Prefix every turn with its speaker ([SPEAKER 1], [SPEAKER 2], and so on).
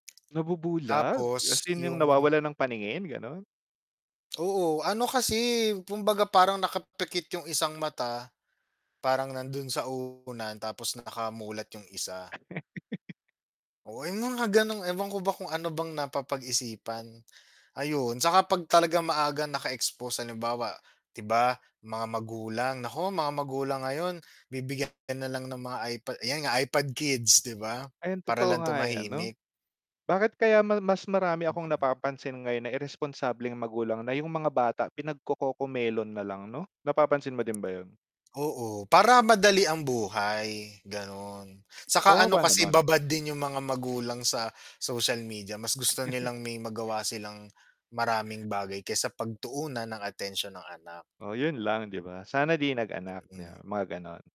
[SPEAKER 1] Nabubulag? As
[SPEAKER 2] Tapos
[SPEAKER 1] in, yun yung
[SPEAKER 2] yung
[SPEAKER 1] nawawalan ng paningin ganun.
[SPEAKER 2] Oo, ano kasi, eh, kumbaga parang nakapikit yung isang mata, parang nandun sa unan tapos nakamulat yung isa. Oo yung mga ganong ewan ko ba kung ano bang napapag-isipan, ayun. Tsaka pag talaga maagang naka-expose, halimbawa di ba, mga magulang, naku, mga magulang ngayon bibigyan ka nalang ng mga ipa yan nga iPad kids, 'di ba,
[SPEAKER 1] Ayun
[SPEAKER 2] para
[SPEAKER 1] totoo
[SPEAKER 2] lang
[SPEAKER 1] nga yan 'no.
[SPEAKER 2] tumahimik.
[SPEAKER 1] Bakit kaya ma mas marami akong
[SPEAKER 2] Mm.
[SPEAKER 1] napapansin ngayon na iresponsableng magulang, na yung mga bata pinagco-Cocomelon nalang 'no, napapansin mo din ba yun?
[SPEAKER 2] Oo, para madali ang buhay, ganun. Saka ano
[SPEAKER 1] Kawawa
[SPEAKER 2] kasi
[SPEAKER 1] naman.
[SPEAKER 2] babad din yung mga magulang sa social media, mas gusto nilang may magawa silang maraming bagay kaysa pagtuunan ng atensyon ang anak.
[SPEAKER 1] Oh, yun lang 'di ba, sana di nag-anak 'bi
[SPEAKER 2] Mhm.
[SPEAKER 1] ba, mga ganon.